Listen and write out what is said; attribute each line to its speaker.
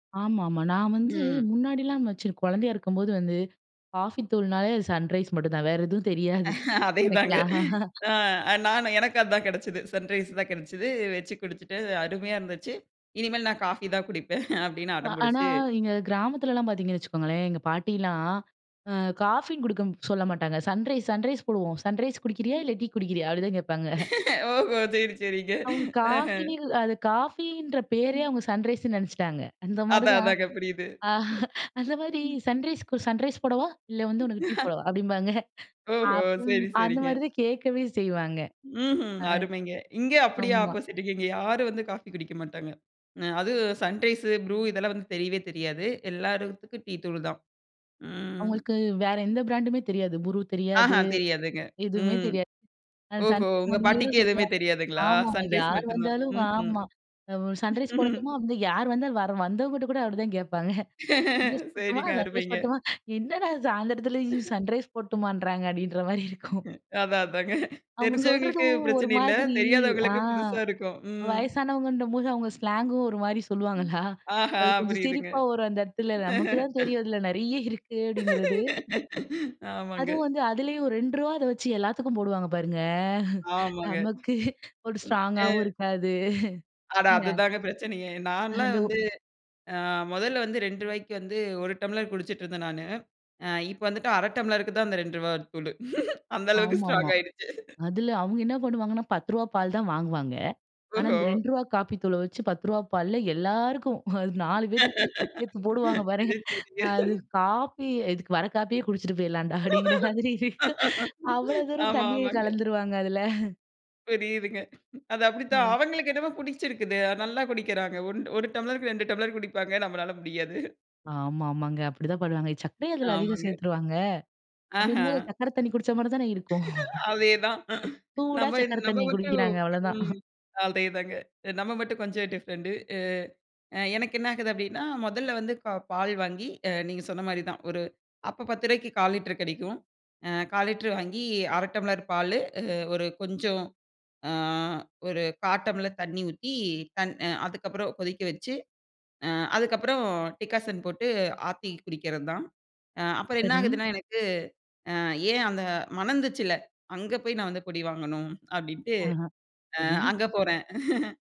Speaker 1: ஆமாமா. நான் வந்து,
Speaker 2: ம்.
Speaker 1: முன்னாடிலாம் வச்சு குழந்தயா இருக்கும்போது வந்து, காஃபி தூள்னாலே அது 'சன்ரைஸ்' மட்டும் தான் வேற எதுவும் தெரியாது.
Speaker 2: அதே தாங்க.
Speaker 1: எனக்குலாம்.
Speaker 2: அ நானு எனக்கு அதான் கிடைச்சது. சன்ரைஸ் தான் கிடைச்சது. வெச்சுக் குடிச்சிட்டு. அருமையா இருந்துச்சு. இனிமேல் நான் காஃபி தான் குடிப்பேன். அப்படின்னு
Speaker 1: வ
Speaker 2: அடம்
Speaker 1: ஆனா,
Speaker 2: புடிச்சி
Speaker 1: எங்க கிராமத்துலலாம் பாத்திங்கன்னு வச்சுக்கோங்களேன். எங்க பாட்டிலாம், அ காஃபின்னு குடுக்க சொல்ல மாட்டாங்க. 'சன்ரைஸ்' 'சன்ரைஸ்' போடுவோம். 'சன்ரைஸ்' குடிக்கிறியா,
Speaker 2: ம்.
Speaker 1: இல்ல டீ குடிக்கிறியா? அப்படிதான் கேட்பாங்க.
Speaker 2: ஓஹோ! சரி, சரிங்க.
Speaker 1: அவங்க
Speaker 2: அஹ.
Speaker 1: காஃபினுல்ல அது காஃபின்ற பேரே
Speaker 2: ம்.
Speaker 1: அவங்க சன்ரைஸ்ன்னு நினைச்சுட்டாங்க, அந்த மாரி
Speaker 2: அதான்.
Speaker 1: தான்.
Speaker 2: அதாங்க புரியுது.
Speaker 1: அந்த மாரி
Speaker 2: ம்.
Speaker 1: சன்ரைஸ் கு சன்ரைஸ் போடவா? இல்ல வந்து உனக்கு டீ போடவா? அப்படிம்பாங்க.
Speaker 2: ஓஹோ!
Speaker 1: அப்பம்
Speaker 2: சரி,
Speaker 1: அந்த
Speaker 2: சரிங்க.
Speaker 1: மாதிரி தான் கேட்கவே செய்வாங்க.
Speaker 2: ம்ஹும்.
Speaker 1: அ.
Speaker 2: அருமைங்க. இங்க அப்படியே
Speaker 1: ஆமா.
Speaker 2: ஆப்போசிட். இங்கே யாரும் வந்து காஃபி குடிக்க மாட்டாங்க. அ அதும் சன்ரைசு, ப்ரூ இதெல்லாம் வந்து தெரியவே தெரியாது. எல்லாருத்துக்கும் டீ தூள் தான். ம்.
Speaker 1: அவுங்களுக்கு வேறு எந்த பிராண்டுமே தெரியாது. 'ஃப்ரு'
Speaker 2: அஹ,
Speaker 1: தெரியாது,
Speaker 2: தெரியாதுங்க.
Speaker 1: எதுவுமே
Speaker 2: ம்.
Speaker 1: தெரியாது.
Speaker 2: ஓஹோ!
Speaker 1: 'சன்ரைஸ்'
Speaker 2: உங்க
Speaker 1: மட்டுமே
Speaker 2: பாட்டிக்கு
Speaker 1: தான்
Speaker 2: எதுவுமே
Speaker 1: சொல்லுவாங்க.
Speaker 2: தெரியாதுங்களா?
Speaker 1: ஆமாங்க,
Speaker 2: சன்ரைஸ்
Speaker 1: யார்
Speaker 2: மட்டும் தான்.
Speaker 1: வந்தாலும்.
Speaker 2: ம்ஹும்.
Speaker 1: ஆமா வ் 'சன்ரைஸ்' போடட்டுமா? யார் வந்தாலும் வர வந்தவங்கிட்ட கூட அப்படிதான் கேட்பாங்க. 'சன்ரைஸ்' போடட்டுமா?
Speaker 2: சரிங்க,
Speaker 1: 'சன்ரைஸ்'
Speaker 2: அருமைங்க.
Speaker 1: போடட்டுமா? "என்னடா சாயந்தரத்துல 'சன்ரைஸ்' போடட்டுமான்றாங்க" அப்படின்ற மாரியிருக்கும்.
Speaker 2: அதான், அதாங்க.
Speaker 1: அவங்க
Speaker 2: தெரிஞ்சவங்களுக்கு
Speaker 1: சொல்றதும். ஒரு
Speaker 2: பிரச்சனை இல்ல.
Speaker 1: மாதிரி அ.
Speaker 2: தெரியாதவங்களுக்கு புதுசாருக்கும். ம்.
Speaker 1: வயசானவங்கன்ற போது அவங்க ஸ்லாங்கும் ஒரு மாரி சொல்லுவாங்களா,
Speaker 2: ஆஹா!
Speaker 1: அது கொஞ்சம்
Speaker 2: புரியுதுங்க.
Speaker 1: சிரிப்பாவும் வரும் அந்த இடத்துல. நமக்கு தான் தெரியும் அதில நிறைய இருக்கு அப்படிங்கிறது.
Speaker 2: ஆமாங்க.
Speaker 1: அதுவும் வந்து அதிலேயும் ஒரு 2 ரூபாத வச்சு எல்லாத்துக்கும் போடுவாங்க பாருங்க.
Speaker 2: ஆமாங்க.
Speaker 1: நமக்கு ஒரு
Speaker 2: ம். அ.
Speaker 1: ஸ்ட்ராங்காவும் இருக்காது.
Speaker 2: அட,
Speaker 1: ந
Speaker 2: அதுதாங்க பிரச்சனையே! நான்லாம்
Speaker 1: அந்த ஒ
Speaker 2: வந்து, அ, முதல்ல வந்து ரூ 2 வந்து ஒரு டம்ளர் குடிச்சிட்டு இருந்தன் நானு, அ இப்ப வந்துட்டு அரை டம்ளருக்கு தான் அந்த ரூ 2 தூளு! அந்த அளவுக்கு
Speaker 1: ஆமாமா.
Speaker 2: ஸ்ட்ராங் ஆயிடுச்சு.
Speaker 1: அதில அவங்க என்ன பண்ணுவாங்கன்னா ரூ 10 பால் தான் வாங்குவாங்க. ஆனா அந்த
Speaker 2: ஓஹோ!
Speaker 1: ரூ 2 காப்பி தூள வச்சு ரூ 10 பால்லா எல்லாருக்கும், அது 4 பேத்துக்கு, சேத்து போடுவாங்க பாருங்க!
Speaker 2: சரி, சரிங்க.
Speaker 1: அது காப்பி "இதுக்கு வர காப்பியே குடிச்சிட்டு போயிடலாம்டா!" அப்படிங்கிற மாதிரி இருக்கும். அவ்வளோ தூரம்
Speaker 2: ஆமா,
Speaker 1: தண்ணிய
Speaker 2: ஆமாங்க.
Speaker 1: கலந்துருவாங்க அதுல.
Speaker 2: புரியுதுங்க. அது அப்படித்தான்.
Speaker 1: அ.
Speaker 2: அவங்களுக்கு என்னமோ புடிச்சிருக்குது. நல்லா குடிக்கிறாங்க. ஒன் 1 டம்ளருக்கு 2 டம்ளர் குடிப்பாங்க. நம்மளால முடியாது.
Speaker 1: ஆமாமாங்க, அப்படிதான் பண்ணுவாங்க. சக்கரய அதில அதிகம்
Speaker 2: ஆமாங்க.
Speaker 1: சேத்துருவாங்க! அப்படிங்கும்போது
Speaker 2: அஹ.
Speaker 1: சக்கர தண்ணி குடிச்ச மாரி தான இருக்கும்.
Speaker 2: அதேதான்.
Speaker 1: சூடா
Speaker 2: நம்ம இ
Speaker 1: சக்கர
Speaker 2: நம்ம
Speaker 1: தண்ணி
Speaker 2: மட்டும்
Speaker 1: குடிக்கிறாங்க. அவ்வளோதான்.
Speaker 2: ம், அதேதாங்க. நம்ம மட்டும் கொஞ்சம் டிஃப்ரெண்டு. அ. அ எனக்கு என்ன ஆகுது அப்படின்னா, முதல்ல வந்து க பால் வாங்கி அ நீங்க சொன்ன மாரிதான், ஒரு அப்போ 10 ரூபாய்க்கு 1/4 லிட்டர் கிடைக்கும். அ 1/4 லிட்டர் வாங்கி, 1/2 டம்ளர் பாலு அ ஒரு கொஞ்சம், அ ஒரு 1/4 டம்ளர் தண்ணி ஊத்தி, தன் அ அதுக்கப்புறம் கொதிக்க வச்சு, அ அதுக்கப்புறம் டிக்காசன் போட்டு, ஆத்தி குடிக்கிறது தான். அ அப்புறம்
Speaker 1: சரி.
Speaker 2: என்னாகுதுன்னா, எனக்கு அ ஏன் அந்த மணந்துச்சில்ல, "அங்க போய் நான் வந்து பொடி வாங்கனும்" அப்படின்ட்டு.
Speaker 1: அஹ.
Speaker 2: அ
Speaker 1: சரி.
Speaker 2: அங்க போறேன்.